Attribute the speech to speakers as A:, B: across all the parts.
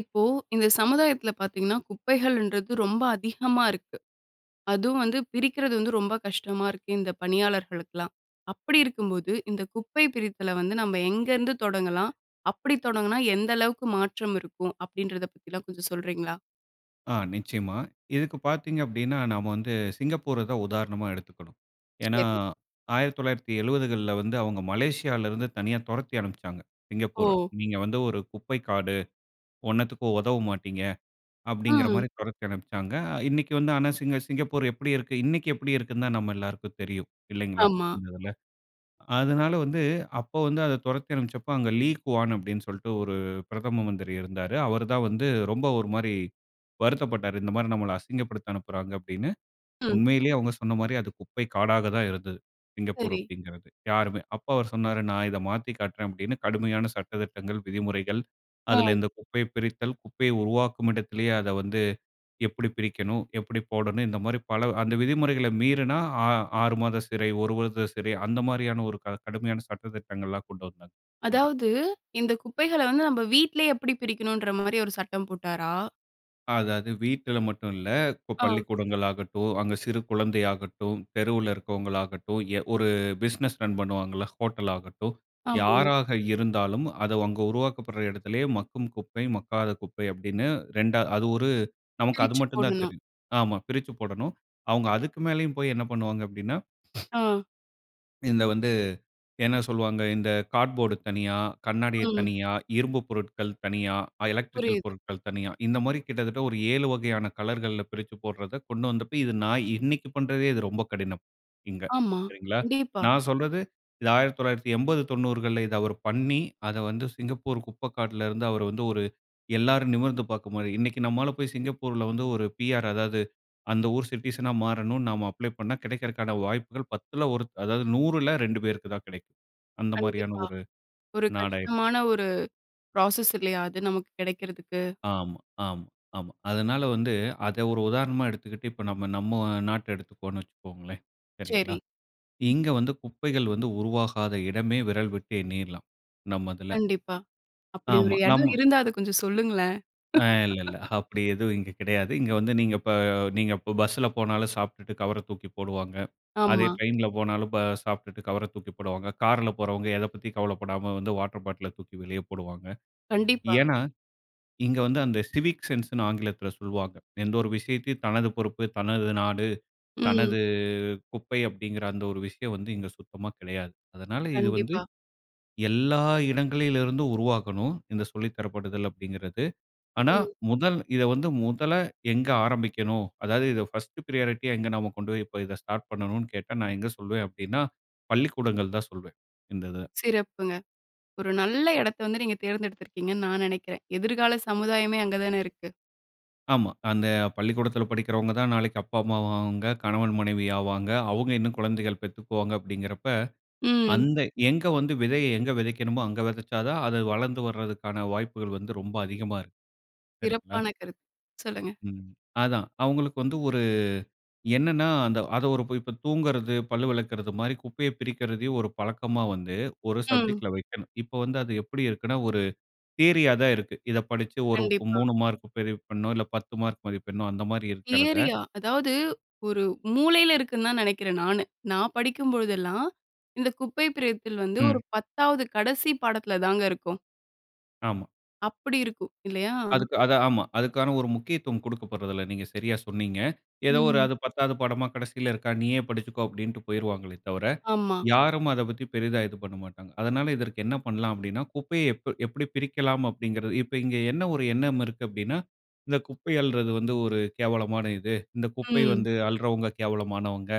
A: இப்போ, இந்த சமுதாயத்துல பார்த்தீங்கன்னா குப்பைகள்ன்றது ரொம்ப அதிகமா இருக்கு. அதுவும் வந்து பிரிக்கிறது வந்து ரொம்ப கஷ்டமா இருக்கு. இந்த பணியாளர்களுக்குலாம். அப்டி இருக்கும்போது இந்த குப்பை பிரித்தல வந்து நம்ம எங்கருந்து தொடங்கலாம், அப்படி தொடங்கினா எந்த அளவுக்கு மாற்றம் இருக்கும். அப்டின்றத பற்றிலாம் கொஞ்சம் சொல்றீங்களா?
B: ஆ. நிச்சயமா. இதுக்கு பார்த்தீங்க அப்டின்னா நம்ம வந்து சிங்கப்பூர தான் உதாரணமா எடுத்துக்கணும். ஏனா,
A: சரி.
B: 1970கள்ல வந்து அவங்க மலேசியாவில இருந்து தனியா தொரத்தி அனுப்பிச்சாங்க சிங்கப்பூர.
A: ஓ!
B: "நீங்க வந்து ஒரு குப்பை காடு, ஒன்னத்துக்கும் உதவ மாட்டீங்க"
A: ஆ.
B: அப்டிங்கிற மாரி தொரத்தி அனுப்பிச்சாங்க. இன்னைக்கு வந்து ஆனா, சிங்க சிங்கப்பூர் எப்டி இருக்கு? இன்னைக்கு எப்டி இருக்குதுன்னு தான் நம்ம எல்லாருக்கும் தெரியும் இல்லைங்களா.
A: ஆமா.
B: இந்த இதுல. அதனால வந்து அப்போ வந்து அத தொரத்தி அனுப்பிச்ச அப்ப, அங்கு லீ குவான் அப்டி என்று சொல்ட்டு ஒரு பிரதம மந்திரி இருந்தாரு. அவரு தான் வந்து ரொம்ப ஒரு மாரி வருத்தப்பட்டாரு. "இந்த மாரி நம்மல அசிங்கப்படுத்த அனுப்புறாங்க" அப்டின்னு.
A: ம்.
B: உண்மையிலேயே அவங்க சொன்ன மாரி அது குப்பை காடாக தான் இருந்துது, சிங்கப்பூர்
A: சரி.
B: அப்டிங்கிறது. யாருமே அப்போ அவுரு சொன்னாரு "நான் இத மாத்தி காட்றேன்" அப்டின்னு. கடுமையான சட்ட திட்டங்கள், விதிமுறைகள் அதுல
A: ம்.
B: இந்த குப்பையை பிரித்தல், குப்பையை உருவாக்கும் இடத்திலேயே அத வந்து எப்டி பிரிக்கணும், எப்டி போடணும் இந்த மாரி பல அந்த விதிமுறைகள மீறினா 6 மாத சிறை, 1 வருட சிறை அந்த மாரியான ஒரு க கடுமையான சட்ட திட்டங்கள்லாம் கொண்டு வந்தாங்க அங்க.
A: அதாவது இந்த குப்பைகள வந்து நம்ம வீட்டிலயே எப்டி பிரிக்கணுன்ற மாரி ஒரு சட்டம் போட்டாரா?
B: அதாவது வீட்டில மட்டும் இல்ல. இப்போ
A: ஆ.
B: பள்ளிக்கூடங்கள் ஆகட்டும், அங்க சிறு குழந்தையாகட்டும். தெருவில இருக்கிறவங்களாகட்டும். ஒரு பிசினஸ் ரன் பண்ணுவாங்கல்ல, ஹோட்டல் ஆகட்டும்.
A: ஆமா.
B: யாராக இருந்தாலும். அதை அங்க உருவாக்கப்படுற இடத்திலயே மக்கும் குப்பை, மக்காத குப்பை, அப்படின்னு 2 அது ஒரு நமக்கு அது
A: பிரிச்சு
B: மட்டும் தான்
A: போடணும்.
B: தெரியும். ஆமா பிரிச்சு போடணும். அவங்க அதுக்கு மேலேயும் போய் என்ன பண்ணுவாங்க? அப்படின்னா
A: ஆ.
B: இந்த வந்து என்ன சொல்லுவாங்க, இந்த கார்ட்போர்ட் தனியா, கண்ணாடிய
A: ம்.
B: தனியா, இரும்பு பொருட்கள் தனியா எலக்ட்ரிக்கல்
A: புரியுது.
B: பொருட்கள் தனியா, இந்த மாரி கிட்டத்தட்ட ஒரு 7 வகையான கலர்கள்ல பிரிச்சு போடுறத கொண்டு வந்தப்போ, இது நான் இன்னைக்கு பண்ணுறதே இது ரொம்ப கடினம். இங்க
A: ஆமா,
B: சரிங்களா.
A: கண்டிப்பா.
B: நான் சொல்றது. இது 1989, 90 இத அவர் பண்ணி அத வந்து சிங்கப்பூர் குப்பை காட்டில இருந்து அவரு வந்து ஒரு எல்லோரும் நிமிர்ந்து பார்க்கற மாரி, இன்னைக்கு நம்மால போய் சிங்கப்பூர்ல வந்து ஒரு PR, அதாவது அந்த ஊர் சிட்டிசன்‌ஆ மாறணும், நாம அப்ளை பண்ணினா கிடைக்கிறதற்கான வாய்ப்புகள் 1/10 அதாவது 2/100 பேருக்கு தான் கிடைக்கும். அந்த மாதிரியான
A: கண்டிப்பா.
B: ஒரு
A: ஒரு
B: நாடாயிருச்சு.
A: கஷ்டமான ஒரு புரோசஸ் இல்லையா? அது நமக்கு கிடைக்கிறதுக்கு.
B: ஆமா, ஆமா, ஆமா. அதனால வந்து அதை ஒரு உதாரணமா எடுத்துக்கிட்டு. இப்போ நாம நம்ம நாட்ட எடுத்துக்குவோம்ன்னு வச்சுக்கோங்களேன் சரிங்களா.
A: சரி.
B: இங்க வந்து குப்பைகள் வந்து உருவாகாத இடமே விரல் விட்டு எண்ணீரலாம் நம்ம இதுல.
A: கண்டிப்பா, அப்படி ஒரு
B: ஆமா,
A: இடம்
B: நம்ம
A: இருந்தா, அதை கொஞ்சம் சொல்லுங்களேன்.
B: அ இல்ல, இல்ல. அப்படி எதுவும் இங்க கிடையாது. இங்க வந்து நீங்க இப்போ, நீங்க இப்போ பஸ்ஸில போனாலும், சாப்ட்டுட்டு கவர தூக்கி போடுவாங்க. அதே
A: ஆமா.
B: ட்ரெயினில போனாலும், சாப்பிட்டுட்டு கவர தூக்கி போடுவாங்க. காரில போறவங்க எதை பத்தியும் கவலைப்படாம வந்து வாட்டர் பாட்டில தூக்கி வெளியே போடுவாங்க.
A: கண்டிப்பா.
B: ஏன்னா, இங்க வந்து அந்த சிவிக் சென்ஸ்ன்னு ஆங்கிலத்தில சொல்லுவாங்க. எந்த ஒரு விஷயத்தையும் தனது பொறுப்பு, தனது நாடு,
A: ம்.
B: தனது குப்பை, அப்படிங்கிற அந்த ஒரு விஷயம் வந்து இங்க சுத்தமா கிடையாது. அதனால இது வந்து
A: கண்டிப்பா.
B: எல்லா இடங்களிலிருந்தும் உருவாகணும். இந்த சொல்லி தரப்படுதல் அப்படிங்கிறது. ஆனா,
A: ம்.
B: முதல் இதை வந்து முதல்ல எங்க ஆரம்பிக்கணும். அதாவது இதை பர்ஸ்ட் பிரையாரிட்டியா, எங்க நம்ப கொண்டு போய் இப்போ இதை ஸ்டார்ட் பண்ணணும்ன்னு கேட்டா நான் எங்க சொல்வேன் அப்படின்னா, பள்ளிக்கூடங்கள் தான் சொல்வேன். இந்த இத.
A: சிறப்புங்க. ஒரு நல்ல இடத்த வந்து நீங்க தேர்ந்தெடுத்திருக்கீங்கன்னு நான் நினைக்கிறேன். எதிர்கால சமுதாயமே அங்க தான இருக்கு.
B: ஆமா. அந்த பள்ளிக்கூடத்துல படிக்கிறவங்க தான் நாளைக்கு அப்பா, அம்மா ஆவாங்க. கணவன், மனைவி ஆவாங்க. அவுங்க இன்னும் குழந்தைகள் பெத்துக்குவாங்க அப்டிங்கறப்ப,
A: ம்.
B: அந்த எங்க வந்து விதைய எங்கு விதைக்கணுமோ அங்கு விதச்சா தான், அது வளர்ந்து வர்தற்கான வாய்ப்புகள் வந்து ரொம்ப அதிகமா இருக்கும். சரிங்களா.
A: சிறப்பான கருத்து. சொல்லுங்க.
B: ம். அதான் அவங்ளுக்கு வந்து ஒரு அ என்னன்னா அந்த அத ஒரு இப்போ தூங்குறது, பல்லு விளக்கிறது மாரி குப்பைய பிரிக்கிறதையும் ஒரு பழக்கமா வந்து ஒரு
A: ம்.
B: சப்ஜெக்ட்‌ல வைக்கணும். இப்ப வந்து, அது எப்டி இருக்குன்னா ஒரு தியரியா தான் இருக்கு. இத படிச்சி ஒரு
A: கண்டிப்பா.
B: 3 மார்க் பதிவு பண்ணணும் இல்ல ,10 மார்க் மதிப்பிடணும் அந்த மாரி இருக்கிறத.
A: ஏரியா. அதாவது ஒரு மூலையில இருக்குன்னு தான் நினைக்கிறன் நானு. நான் படிக்கும்பொழுதெல்லாம் இந்த குப்பை பிரித்தில் வந்து ஒரு
B: ம்.
A: 10வது கடைசி பாடத்துல தாங்க இருக்கும்.
B: ஆமா.
A: அப்படி இருக்கும் இல்லையா?
B: அதுக்கு அது ஆமா. அதுக்கான ஒரு முக்கியத்துவம் கொடுக்கப்பட்றதுல்ல. நீங்க சரியாக சொன்னீங்க. ஏதோ ஒரு
A: ம்
B: அது 10 படமா கடைசியில இருக்கிறதா நீயே படிச்சிக்கோ அப்டின்னு போய்டுவாங்களே தவிர.
A: ஆமா.
B: யாரும் அத பத்தி பெரியதா இது பண்ணமாட்டாங்க. அதனால இதற்கு என்ன பண்ணலாம் அப்டின்னா, குப்பைய எப் எப்டி பிரிக்கலாம் அப்டிங்கிறது. இப்ப இங்க என்ன ஒரு எண்ணம் இருக்கு அப்டின்னா, இந்த குப்பை அள்றது வந்து ஒரு கேவலமான இது. இந்த குப்பை
A: ம்.
B: வந்து அள்றவங்க கேவலமானவங்க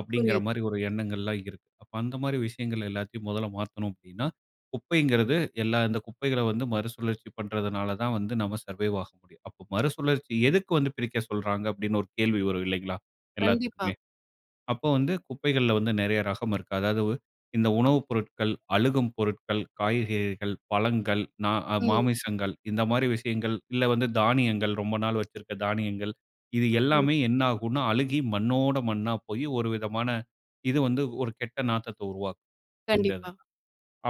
B: அப்டிங்கிற
A: புரியுது.
B: மாரி ஒரு எண்ணங்கள்லாம் இருக்கு. அப்போ அந்த மாரி விஷயங்கள் எல்லாத்தையும் முதல்ல மாத்தணும் அப்டின்னா. குப்பைங்கிறது, எல்லா இந்த குப்பைய வந்து மறுசுழற்சி பண்றதுனால தான் வந்து நம்ம சர்வைவ் ஆக முடியும். அப்போ மறுசுழற்சி எதுக்கு வந்து பிரிக்க சொல்றாங்க அப்டின்னு ஒரு கேள்வி வரும் இல்லைங்களா,
A: கண்டிப்பா.
B: எல்லாத்துக்குமே. அப்போ வந்து குப்பைகள்ல வந்து நெறைய ரகம் இருக்கு. அதாவது, இந்த உணவுப் பொருட்கள், அழுகும் பொருட்கள், காய்கறிகள், பழங்கள், நா
A: ம்.
B: மாமிசங்கள் இந்த மாரி விஷயங்கள். இல்ல, வந்து தானியங்கள் ரொம்ப நாள் வச்சிருக்க தானியங்கள். இது
A: ம்.
B: எல்லாமே என்னாகுன்னா, அழுகி மண்ணோடு மண்ணா போயி ஒரு விதமான இது வந்து ஒரு கெட்ட நாத்தத்த உருவாக்கும், இந்த
A: கண்டிப்பா.
B: இதெல்லாம்.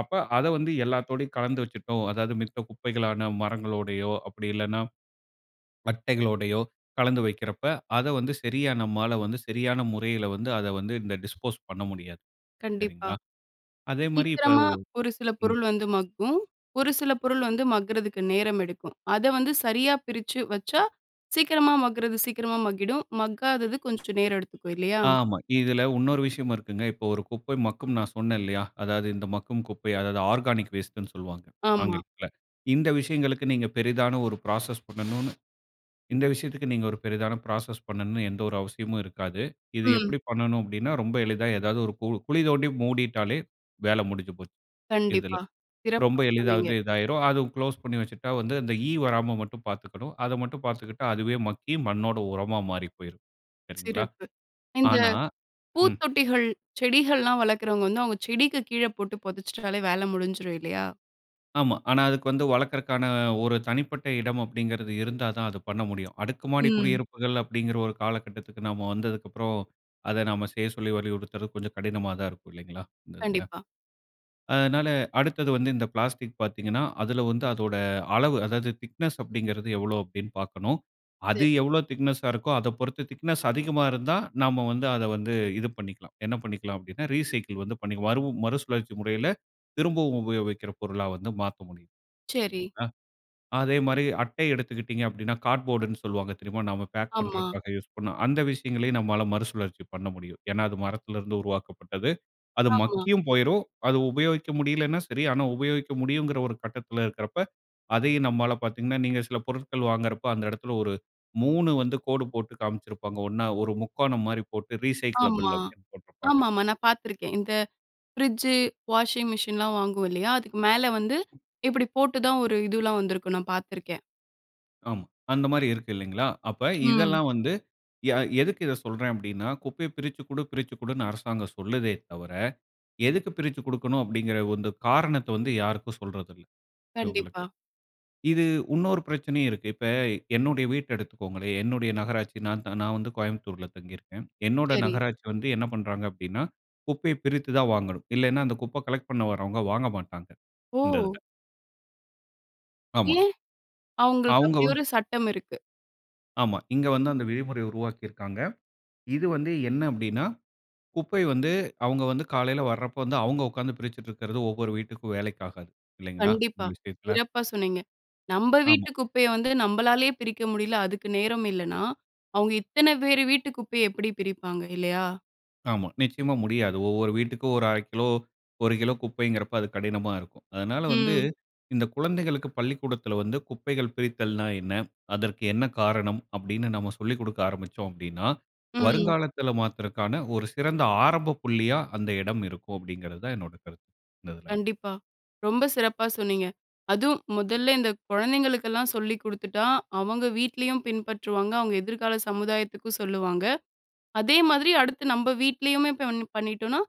B: அப்ப அத வந்து எல்லாத்தோடையும் கலந்து வச்சுட்டோம். அதாவது மித்த குப்பைகளான, மரங்களோடையோ அப்டி இல்லனா பட்டைகளோடையோ கலந்து வைக்கிறப்ப, அத வந்து சரியான நம்மால வந்து சரியான முறையில வந்து அத வந்து இந்த டிஸ்போஸ் பண்ண முடியாது.
A: கண்டிப்பா.
B: சரிங்களா. அதே மாரி இப்போ.
A: சீக்கிரமா ஒரு சில
B: ம்
A: பொருள் வந்து மக்கும். ஒரு சில பொருள் வந்து மக்குறதுக்கு நேரம் எடுக்கும். அத வந்து சரியா பிரிச்சு வச்சா, சீக்கிரமா மக்குறது சீக்கிரமா மக்கிடும். மக்காதது கொஞ்சம் நேரம் எடுத்துக்கும் இல்லையா?
B: ஆமா. இதுல இன்னொரு விஷயம் இருக்குங்க. இப்ப ஒரு குப்பை மக்கும் நான் சொன்னன் இல்லையா, அதாவது இந்த மக்கும் குப்பை, அதாவது ஆர்கானிக் வேஸ்ட்டுன்னு சொல்லுவாங்க
A: ஆமா.
B: ஆங்கிலத்துல. இந்த விஷயங்களுக்கு நீங்க பெரிதான ஒரு ப்ராசஸ் பண்ணணும்னு இந்த விஷயத்துக்கு நீங்க ஒரு பெரிதான ப்ராசஸ் பண்ணணும்னு எந்த ஒரு அவசியமும் இருக்காது. இது
A: ம்.
B: எப்டி பண்ணணும் அப்டின்னா, ரொம்ப எளிதா ஏதாவது ஒரு கு குழி தோண்டி மூடிட்டாலே வேல முடிஞ்சு போச்சு இதுல.
A: கண்டிப்பா. சிறப்பா
B: ரொம்ப எளிதா வந்து
A: சொன்னீங்க.
B: இதாயிரும். அது குளோஸ் பண்ணி வச்சுட்டா வந்து, அந்த ஈ வராம மட்டும் பாத்துக்கணும். அத மட்டும் பாத்துக்கிட்டா அதுவே மக்கி மண்ணோட உரமா மாறி போயிரும். சரிங்களா.
A: சிறப்பு. இந்த
B: ஆனா ம்.
A: பூத்தொட்டிகள், செடிகள்லாம் வளர்க்கிறவங்க வந்து அவங்க செடிக்கு கீழ போட்டு புதச்சுட்டாலே வேல முடிஞ்சிடும் இல்லையா?
B: ஆமா. ஆனா அதுக்கு வந்து வளர்க்கதற்கான ஒரு தனிப்பட்ட இடம் அப்டின்கிறது இருந்தா தான் அது பண்ண முடியும். அடுக்குமாடி
A: ம்.
B: குடியிருப்புகள் அப்டின்கிற ஒரு காலகட்டத்துக்கு நாம வந்ததுக்கப்புறம், அத நாம செய்ய சொல்லி வலியுறுத்றது கொஞ்சம் கடினமா தான் இருக்கும் இல்லைங்களா? இந்த இதுல.
A: கண்டிப்பா.
B: அதனால அடுத்தது வந்து இந்த பிளாஸ்டிக் பாத்தீங்கன்னா, அதுல வந்து அதோட அளவு அதாவது திக்னஸ் அப்படிங்கிறது எவ்ளோ அப்டின்னு பார்க்கணும். அது
A: சரி.
B: எவ்ளோ திக்னெஸ்ஸா இருக்கோ அத பொறுத்து திக்னஸ் அதிகமா இருந்தா நம்ம வந்து அத வந்து இது பண்ணிக்கலாம். என்ன பண்ணிக்கலாம் அப்டின்னா ரீசைக்கிள் வந்து பண்ணிக்கலாம். மறு மறுசுழற்சி முறையில திரும்பவும் உபயோகிக்கிற பொருளா வந்து மாத்த முடியும்
A: சரி.
B: சரிங்ளா? அதே மாரி அட்டை எடுத்துக்கிட்டீர்ங்க அப்டின்னா, கார்ட்போர்டுன்னு சொல்லுவாங்க தெரியுமா? நாம பேக்
A: ஆமா.
B: பண்ணுறதுக்காக யூஸ் பண்வோம், அந்த விஷயங்களையும் நம்மால மறுசுழற்சி பண்ண முடியும். ஏன்னா அது மரத்ல இருந்து உருவாக்கப்பட்டது. அது
A: ஆமா.
B: மக்கியும் போய்ரும் அது உபயோகிக்க முடியலைன்னா சரி. ஆனா, உபயோகிக்க முடியுங்கிற ஒரு கட்டத்ல இருக்றப்போ அதையும் நம்மால பாத்தீங்கன்னா, நீங்க சில பொருட்கள் வாங்குறப்போ அந்த இடத்துல ஒரு 3 வந்து கோடு போட்டு காமிச்சிருப்பாங்க. ஒண்ணா ஒரு முக்கோணம் மாரி போட்டு ரீசைக்கிளபிள்
A: ஆமா,
B: அப்டின்னு போட்டிருப்பாங்க.
A: ஆமாமா. நான் பார்த்துருக்கேன் இந்த ஃப்ரிட்ஜு, வாஷிங் மிஷின்லாம் வாங்குவோம் இல்லயா? அதுக்கு மேல வந்து இப்டி போட்டு தான் ஒரு இதுலாம் வந்திருக்கும் நான் பார்த்துருக்கேன்.
B: ஆமா. அந்த மாரி இருக்கு, இல்லைங்களா? அப்ப
A: ம்.
B: இதெல்லாம் வந்து யா எதுக்கு இத சொல்றேன் அப்படின்னா, குப்பைய பிரிச்சு குடு, பிரிச்சு குடுன்னு அரசாங்கம் சொல்லுதே தவர, "எதுக்கு பிரிச்சுக் கொடுக்கணும்?" அப்படின்கிற ஓ, இந்த காரணத்த வந்து யாருக்கும் சொல்றதில்ல. இவங்களுக்கு.
A: கண்டிப்பா.
B: இது, உன்னொரு பிரச்சனையும் இருக்கு. இப்ப, என்னுடைய வீட்ட எடுத்துக்கோங்களேன், என்னுடைய நகராட்சி நான் த நான் வந்து கோயம்புத்தூர்ல தங்கிருக்கேன். என்னோட
A: சரி.
B: நகராட்சி வந்து என்ன பண்றாங்க அப்படின்னா, குப்பைய பிரித்து தான் வாங்கணும். இல்லைன்னா, அந்த குப்ப கலெக்ட் பண்ண வாரவங்க, வாங்கமாட்டாங்க. இந்த இதுல.
A: ஓ!
B: ஆமா.
A: ஏன்? அவங்களுக்கு
B: அவங்க
A: அப்படி
B: ஒ
A: ஒரு சட்டம் இருக்கு.
B: ஆமா. இங்க வந்து அந்த விதிமுறைய உருவாக்கிருக்காங்க. இது வந்து என்ன அப்படின்னா, குப்பை வந்து அவங்க வந்து காலையில வரப்போ வந்து, அவங்க உட்கார்ந்து பிரிச்சிட்டுருக்கறது, ஒவ்வொரு வீட்டுக்கும் வேலைக்கு ஆகாது. இல்லைங்களா, இந்த
A: கண்டிப்பா.
B: விஷயத்துல?
A: சிறப்பா சொன்னீங்க. நம்ப
B: ஆமா.
A: வீட்டு குப்பைய வந்து, நம்பளாலயே பிரிக்க முடியல, அதுக்கு நேரம் இல்லன்னா. அவங்க இத்தன பேரு வீட்டு குப்பைய, எப்படி பிரிப்பாங்க? இல்லையா?
B: ஆமா, நிச்சயமா முடியாது. ஒவ்வொரு வீட்டுக்கும் 1/2 கிலோ, 1 கிலோ குப்பைங்கிறப்ப, அது கடினமா இருக்கும். அதனால வந்து,
A: ம்.
B: இந்த குழந்தைகளுக்கு பள்ளிக்கூடத்தில வந்து, "குப்பைகள் பிரித்தல்ன்னா என்ன? அதற்கு என்ன காரணம்?" அப்படின்னு நம்ம சொல்லிக் குடுக்க ஆரம்பிச்சோம் அப்படின்னா,
A: ம்.
B: வருங்காலத்துல மாத்துறக்கான ஒரு சிறந்த ஆரம்பப் புள்ளியா, அந்த இடம் இருக்கும் அப்படிங்கிறது தான் என்னோட கருத்து. இந்த இதுல.
A: கண்டிப்பா. ரொம்ப சிறப்பா சொன்னீங்க. அதுவும், முதல்ல இந்த குழந்தைங்களுக்கெல்லாம் சொல்லி குடுத்துட்டா, அவங்க வீட்லயும் பின்பற்றுவாங்க, அவங்க எதிர்கால சமுதாயத்துக்கும் சொல்லுவாங்க. அதே மாதிரி, அடுத்து நம்ம வீட்லயுமே பண்ணி பண்ணிட்டோன்னா,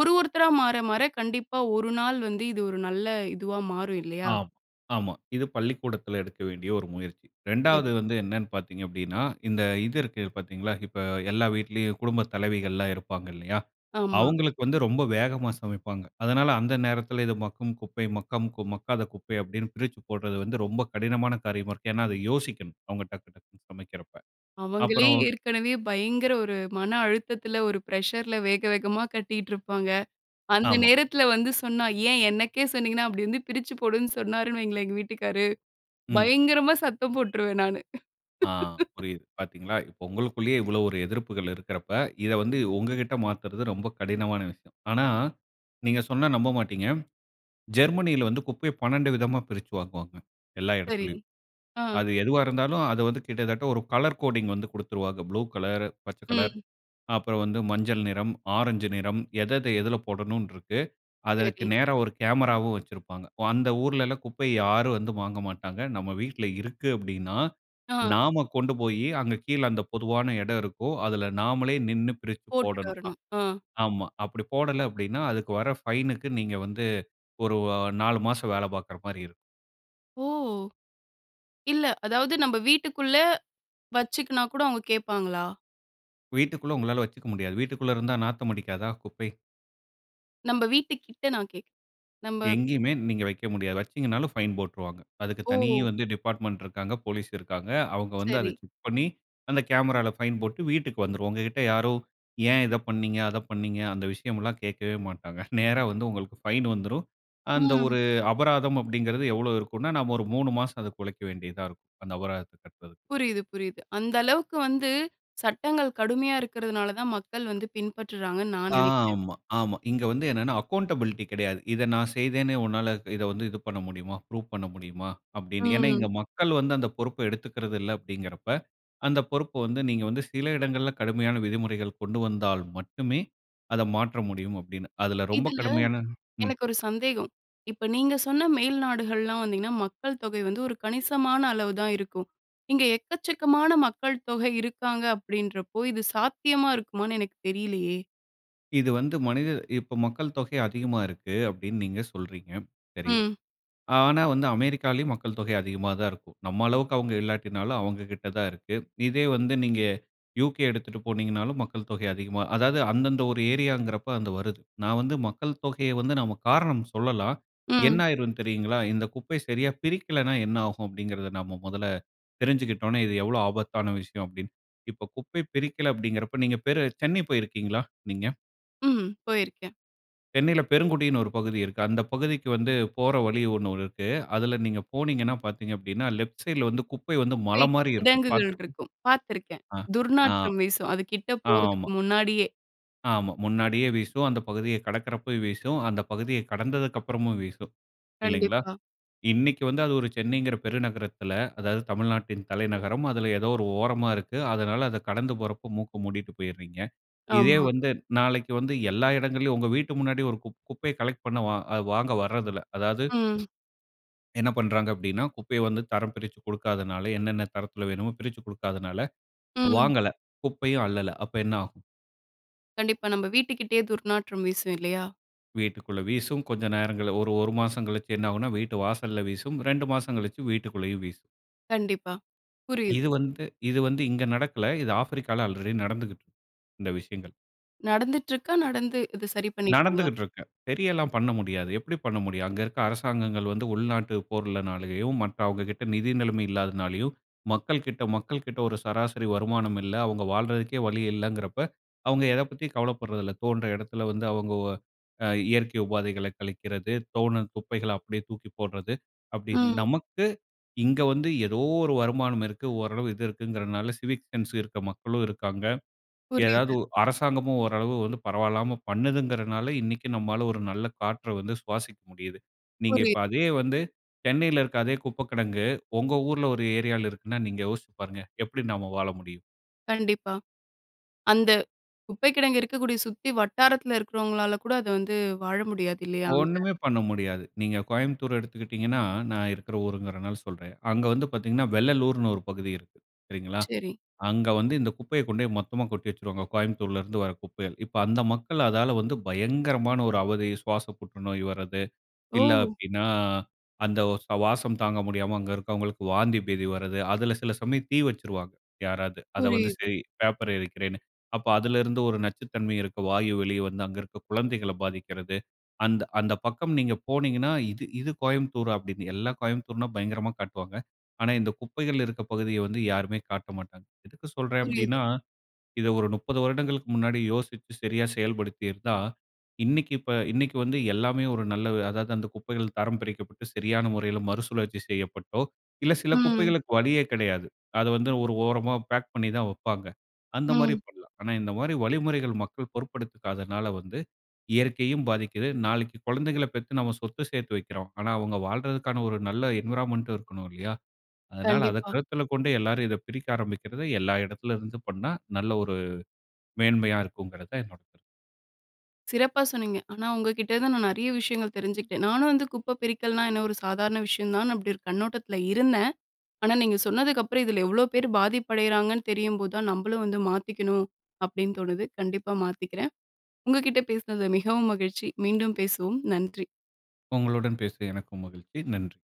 A: ஒரு ஒருத்தரா மாற, மாற கண்டிப்பா ஒரு நாள் வந்து இது ஒரு நல்ல இதுவா மாறும், இல்லையா?
B: ஆம். ஆமா. இது பள்ளிக்கூடத்துல எடுக்க வேண்டிய ஒரு முயற்சி. 2
A: சரி.
B: வந்து என்னென்னு பார்த்தீங்க அப்படின்னா, இந்த இது இருக்கு பாத்தீங்களா, இப்ப எல்லா வீட்லயும் குடும்பத் தலைவிகள்லாம் இருப்பாங்க, இல்லையா?
A: ஆமா.
B: அவங்களுக்கு வந்து ரொம்ப வேகமா சமைப்பாங்க. அதனால அந்த நேரத்துல, இது மக்கும் குப்பை, மக்கம் கு மக்காத குப்பை அப்படின்னு பிரிச்சு போடுறது வந்து, ரொம்ப கடினமான காரியமா இருக்கு. ஏன்னா அது யோசிக்கணும். அவங்க டக்கு, டக்குனு சமைக்குறப்ப.
A: அவங்களே
B: அப்புறம்,
A: ஏற்கனவே பயங்கர ஒரு மன அழுத்தத்துல, ஒரு பிரஷர்‌ல வேக, வேகமா கட்டிட்டுருப்பாங்க. அந்த
B: ஆமா.
A: நேரத்துல வந்து சொன்னா, "ஏன் எனக்கே சொன்னீங்கன்னா?" அப்படி வந்து "பிரிச்சு போடுன்னு சொன்னார்ன்னு வைங்களேன் எங்க வீட்டுக்காரு,"
B: ம்.
A: பயங்கரமா சத்தம் போட்டுருவேன், நானு.
B: ஆ, புரியுது. பாத்தீங்களா, இப்போ உங்களுக்குள்ளயே இவ்வளவு ஒரு எதிர்ப்புகள் இருக்கிறப்ப, இத வந்து உங்ககிட்ட மாத்துறது ரொம்ப கடினமான விஷயம். ஆனா, நீங்க சொன்னா நம்பமாட்டீங்க. ஜெர்மனில வந்து, குப்பைய 12 விதமா பிரிச்சு வாங்குவாங்க. எல்லா
A: சரி.
B: இடத்திலயும்.
A: ஆ.
B: அது எதுவா இருந்தாலும், அது வந்து கிட்டத்தட்ட ஒரு கலர் கோடிங் வந்து குடுத்துருவாங்க, ப்ளூ கலர், பச்ச கலர்
A: ம்.
B: அப்புறம் வந்து மஞ்சள் நிறம், ஆரஞ்சு நிறம், எதெத எதுல போடணுன்ருக்கு. அதற்கு
A: சரி.
B: நேரா ஒரு கேமராவும் வச்சிருப்பாங்க. அந்த ஊர்லலாம் குப்பைய, யாரும் வந்து வாங்க மாட்டாங்க. நம்ம வீட்டுல இருக்கு அப்படின்னா,
A: ஆ.
B: நாம கொண்டு போயி அங்க கீழ அந்த பொதுவான இடம் இருக்கும், அதுல நாமளே நின்னு பிரிச்சு
A: போட்டுட்டு
B: போடணும். அ,
A: வரணும், ஆ.
B: ஆமா, அப்படி போடல அப்படின்னா அதுக்கு வர ஃபைனுக்கு நீங்க வந்து, ஒரு அ, 4 மாசம் வேல பார்க்குற மாரி இருக்கும்
A: ஓ! இல்ல. அதாவது நம்ப வீட்டுக்குள்ள வச்சுக்கினா கூட அவங்க கேட்பாங்களா?
B: வீட்டுக்குள்ள உங்களால வச்சுக்க முடியாது. வீட்டுக்குள்ள இருந்தா நாத்தம் அடிக்காதா? குப்பை.
A: நம்ப வீட்டு கிட்ட நான் கேக் நம்ப
B: எங்கேயுமே நீங்க வைக்க முடியாது. வச்சிங்கன்னாலும் ஃபைன் போட்டுருவாங்க, அதுக்கு தனி
A: ஓ!
B: வந்து டிபார்ட்மெண்ட் இருக்காங்க, போலீஸ் இருக்காங்க. அவுங்க வந்து அத
A: சரி.
B: செக் பண்ணி அந்த கேமரால ஃபைன் போட்டு வீட்டுக்கு வந்துரும். உங்ககிட்ட யாரோ "ஏன் இத பண்ணீங்க? அத பண்ணீங்க?" அந்த விஷயம்லாம் கேட்கவே மாட்டாங்க. நேரா வந்து உங்களுக்கு ஃபைன் வந்துரும். அந்த
A: ம்.
B: ஒரு அபராதம் அப்படிங்கறது எவ்வளோ இருக்குன்னா? நம்ம ஒரு 3 மாசம் அதுக்கு உழைக்க வேண்டியதா இருக்கும். அந்த அபராதத்தை கட்டுறதுக்கு.
A: புரியிது, புரியிது. அந்த அளவுக்கு வந்து சட்டங்கள் கடுமையா இருக்கிறதுனால தான் மக்கள் வந்து பின்பற்றுறாங்கன்னு நான் நெனைக்கிறேன்.
B: ஆமா, ஆமா. இங்க வந்து என்னென்னா, அக்கவுண்டபிலிட்டி கிடையாது. இத நான் செய்தேனு உன்னால இதை வந்து இது பண்ண முடியுமா? ப்ரூப் பண்ண முடியுமா? அப்படின்னு ஏன்னா, இங்க
A: ம்.
B: மக்கள் வந்து அந்த பொறுப்பை எடுத்துக்கறது இல்ல அப்படிங்கிறப்ப "அந்த பொறுப்ப வந்து நீங்க வந்து சில இடங்கள்ல கடுமையான விதிமுறைகள் கொண்டு வந்தால் மட்டுமே" அத மாற்ற முடியும். அப்படின்னு, அதுல ரொம்ப
A: இதுல,
B: கடுமையான ம்.
A: எனக்கு ஒரு சந்தேகம். இப்ப, நீங்க சொன்ன மேல்நாடுகள்லாம் வந்தீங்கன்னா, மக்கள் தொகை வந்து ஒரு கணிசமான அளவு தான் இருக்கும். இங்க எக்கச்சக்கமான மக்கள் தொகை இருக்காங்க அப்படின்றப்ப, இது சாத்தியமா இருக்குமான்னு எனக்குத் தெரியலையே.
B: இது வந்து மனிதர் இப்போ மக்கள் தொகை அதிகமா இருக்கு. அப்படின்னு நீங்க சொல்றீங்க சரி.
A: ம்.
B: ஆனா வந்து அமெரிக்காவிலயும் மக்கள் தொகை அதிகமா தான் இருக்கும். நம்ம அளவுக்கு அவங்க இல்லாட்டினாலும் அவங்ககிட்ட தான் இருக்கு. இதே வந்து நீங்க யு.கே. எடுத்துட்டு போனீங்கன்னாலும் மக்கள் தொகை அதிகமா அதாவது அந்தந்த ஒரு ஏரியாங்கிற போது அது வருது. நான் வந்து மக்கள் தொகைய வந்து நாம காரணம் சொல்லலாம். என்ன
A: ம்.
B: ஆயிரும்ன்னு தெரியுங்களா? இந்த குப்பை சரியா பிரிக்கலைன்னா என்ன ஆகும்? அப்படிங்கிறதை நாம முதல்ல தெரிஞ்சுகிட்டோம்ன்னா இது எவ்வளவு ஆபத்தான விஷயம் அப்படின்னு. இப்போ குப்பை பிரிக்கல அப்படிங்கிறப்ப, நீங்க பேர் சென்னை போயிருக்கீங்களா நீங்க?
A: ம். போயிருக்கேன்.
B: சென்னையில பெருங்குடின்னு ஒரு பகுதி இருக்கு. அந்த பகுதிக்கு வந்து போற வழி ஒன்னு இருக்கு. அதில நீங்க போனீங்கன்னா, பார்த்தீங்க அப்படின்னா, லெஃப்ட் சைட்‌ல வந்து குப்ப வந்து மலை
A: குப்பை
B: மாரி இருக்கும்.
A: கிடங்குகள்
B: பார்த்து இருக்க
A: இருக்கும். பாத்துருக்கேன்
B: ஆ ஆ
A: துர்நாற்றம் வீசும். அது கிட்ட போறதுக்கு
B: ஆமா.
A: முன்னாடியே.
B: ஆமா, முன்னாடியே வீசும். அந்த பகுதியை கடக்கிறப்ப வீசும். அந்த பகுதியை கடந்ததுக்கப்புறமும் வீசும். இல்லைங்களா,
A: கண்டிப்பா.
B: இன்னைக்கு வந்து அது ஒரு சென்னைங்கிற பெருநகரத்தில அதாவது தமிழ்நாட்டின் தலைநகரம். அதில ஏதோ ஒரு ஓரமா இருக்கு. அதனால, அத கடந்து போறப்ப மூக்க மூடிட்டு போயிடுறீங்க. இதே
A: ஆமா.
B: வந்து நாளைக்கு வந்து எல்லா இடங்கள்லயும், உங்க வீட்டு முன்னாடி ஒரு குப் குப்பைய கலெக்ட் பண்ண அது வாங்க வர்றதில்ல. அதாவது,
A: ம்.
B: என்ன பண்றாங்க அப்படின்னா, குப்பைய வந்து தரம் பிரிச்சு கொடுக்காததனால என்னென்ன தரத்தில வேண்டுமோ பிரிச்சுக் கொடுக்காததனால
A: ம்.
B: வாங்கல. குப்பையும் அள்ளல. அப்ப என்ன ஆகும்?
A: கண்டிப்பா. நம்ம வீட்டுக்கிட்டேயே துர்நாற்றம் வீசும் இல்லையா?
B: வீட்டுகுள்ள வீசும், கொஞ்சம் நேரங்கள்ல ஒரு 1 மாசம் கழிச்சு என்ன ஆகும்னா வீட்டு வாசல்ல வீசும். 2 மாசம் கழிச்சு வீட்டுகுள்ளேயும் வீசும்.
A: கண்டிப்பா. புரியுது.
B: இது வந்து இது வந்து இங்க நடக்கல. இது ஆஃப்ரிக்கால ஆல்ரெடி நடந்துகுட்டு இருக்கு இந்த விஷயங்கள்.
A: நடந்துட்ருக்கா, நடந்து இது சரி பண்ணிட்டாங்களா?
B: நடந்துகிட்டு இருக்கு, சரியலாம் பண்ண முடியாது, எப்டி பண்ண முடியும்? அங்க இருக்க அரசாங்கங்கள் வந்து உள்நாட்டு போர்ளனாலயும், மற்ற அவங்ககிட்ட நிதி நிலைமை இல்லாதனாலேயும், மக்கள்கிட்ட மக்கள்கிட்ட ஒரு சராசரி வருமானம் இல்ல அவங்க வாழ்றதுக்கே வழி இல்லைங்கிறப்ப, அவங்க எத பத்தியும் கவலப்படுறதில்ல, தோன்ற இடத்துல வந்து அவங்க உ அ இயற்கை உபாதைகள கழிக்கிறது, தோணும் குப்பைகள அப்டியே தூக்கி போடுறது, அப்டின்னு
A: ம்.
B: நமக்கு, இங்க வந்து ஏதோ ஒரு வருமானம் இருக்கு, ஓரளவு இது இருக்குங்கிறனால சிவிக் சென்ஸ் இருக்க மக்களும் இருக்காங்க, ஏதாவது
A: புரியுது.
B: ஒ அரசாங்கமும் ஓரளவு பரவாயில்லாம பண்ணுதுகிறதுனால, இன்னிக்கு நம்மால ஒரு நல்ல காற்ற வந்து சுவாசிக்க முடியுது. நீங்க
A: புரியுது.
B: இப்ப அதே வந்து, சென்னையில இருக்க அதே குப்ப கிடங்கு, உங்க ஊர்ல ஒரு ஏரியால இருக்குனா, நீங்க யோசிச்சு பாருங்க, எப்டி நாம வாழ முடியும்?
A: கண்டிப்பா. அந்த, குப்பை கிடங்கு இருக்கக்கூடிய சுத்தி வட்டாரத்தில இருக்கிறவங்களால கூட அத வந்து, வாழ முடியாது இல்லையா அங்க?
B: ஒண்ணுமே பண்ண முடியாது, நீங்க கோயம்புத்தூர் எடுத்துக்கிட்டிங்கன்னா, நான் இருக்குற ஊருங்கிறனால சொல்றேன், அங்க வந்து பாத்தீங்கன்னா வெள்ளலூர்னு ஒரு பகுதி இருக்கு, சரிங்களா,
A: சரி.
B: அங்க வந்து இந்த குப்பைய கொண்டு போய் மொத்தமா கொட்டி வச்சுருவாங்க. கோயம்புத்தூர்ல இருந்து வர குப்பைகள், இப்ப அந்த மக்கள் அதால வந்து பயங்கரமான ஒரு அவதி, சுவாச புற்றுநோய் வரது, இல்ல
A: ஓ!
B: அப்டின்னா, அந்த ஓ சு வாசம் தாங்க முடியாம அங்க இருக்கறவங்களுக்கு வாந்தி பேதி வரது, அதில சில சமயம் தீ வச்சுருவாங்க யாராது, அத வந்து
A: புரியுது.
B: சரி பேப்பர எரிக்கிறேனு, அப்ப அதில இருந்து ஒரு நச்சுத்தன்மை இருக்க வாயு வெளி வந்து அங்க இருக்க குழந்தைகள பாதிக்கிறது. அந்த அந்த பக்கம் நீங்க போனீங்கன்னா, இது இது கோயம்புத்தூரா அப்டினு, எல்லா கோயம்புத்தூர்னா பயங்கரமா காட்டுவாங்க. ஆனா, இந்த குப்பைகள் இருக்க பகுதிய வந்து யாருமே காட்ட மாட்டாங்க. எதுக்கு சொல்றேன்
A: புரியுது.
B: அப்டினா, இத ஒரு 30 வருடங்களுக்கு முன்னாடி யோசிச்சு சரியா செயல்படுத்திருந்தா, இன்னிக்கு இப்ப இன்னிக்கு வந்து எல்லாமே ஒரு நல்ல அதாவது அந்த குப்பைகள் தரம் பிரிக்கப்பட்டு, சரியான முறையில மறுசுழற்சி செய்யப்பட்டோ, இல்ல சில
A: ம்.
B: குப்பைகளுக்கு வழியே கிடையாது. அத வந்து ஒரு ஓரமா பேக் பண்ணி தான் வப்பாங்க. அந்த மாரி
A: ம்.
B: பண்ணலாம். ஆனா இந்த மாரி வழிமுறைகள் மக்கள் பொருட்பெடுத்துகாதனால வந்து, இயற்கையும் பாதிக்குது. நாளைக்கு குழந்தைகள பெத்து நாம சொத்து சேர்த்து வைக்கிறோம். ஆனா அவங்க வாழ்றதற்கான ஒரு நல்ல என்விரான்மென்ட்‌டும் இருக்கணும் இல்லையா? அதனால அத
A: கண்டிப்பா.
B: கருத்தில கொண்டு எல்லாரும் இத பிரிக்க ஆரம்பிக்கிறது, எல்லா இடத்துல இருந்து பண்ணா, நல்ல ஒரு மேன்மையா இருக்குங்கிறது தான் என்னோட கருத்து.
A: சிறப்பா சொன்னீங்க, ஆனா உங்க கிட்ட நான் நிறைய விஷயங்கள் தெரிஞ்சுக்கிட்டேன், நானும் வந்து குப்ப பிரிக்கல்னா என்ன ஒரு சாதாரண விஷயந்தான் அப்டி ஒரு கண்ணோட்டத்துல இருந்தேன். ஆனா நீங்க சொன்னதுக்கப்பறம், இதில எவ்ளோ பேர் பாதிப்படையறாங்கன்னு தெரியும்போதுதான் நம்மளும் வந்து மாத்திக்கணும், அப்டின்னு தோணுது, கண்டிப்பா மாத்திக்கிறேன், உங்க கிட்ட பேசினது மிகவும் மகிழ்ச்சி, மீண்டும் பேசுவோம் நன்றி.
B: உங்களுடன் பேசிய எனக்கும் மகிழ்ச்சி நன்றி.